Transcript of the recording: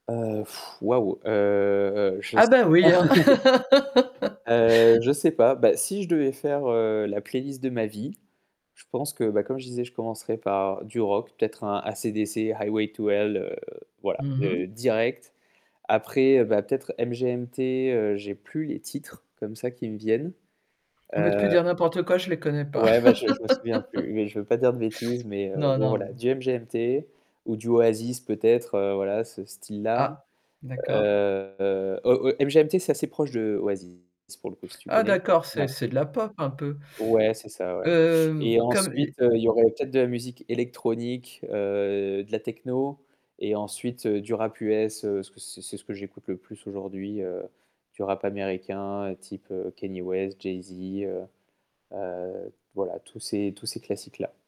Heu, wouah, heu, je Ah, s bah oui, hein. Heu, he sais pas. Bah, si je devais faire, heu, la playlist de ma vie, je pense que, bah, comme je disais, je commencerais par du rock, peut-être un AC/DC, Highway to Hell, heu, voilà, Mmh mh. direct. Après, bah, peut-être MGMT, heu, j'ai plus les titres comme ça qui me viennent. Bah, tu peux Heu dire n'importe quoi, je les connais pas. ouais, ben, je je me souviens plus, mais je veux pas dire de bêtises, mais, heu, Non, bon non mais voilà, du MGMT ou du Oasis peut-être, heu, voilà, ce style-là. Ah d'accord. Heu heu, MGMT c'est assez proche de Oasis pour le coup, si tu Ah connais. d'accord, c'est Ouais c'est de la pop un peu? ouais, c'est ça ouais et Hem, comme ensuite, l heu, il y aurait peut-être de la musique électronique, heu, de la techno et ensuite du rap US, heu, parce que c'est ce que j'écoute le plus aujourd'hui, heu, du rap américain type Kanye West, Jay Z, heu heu, voilà, tous ces tous ces classiques-là.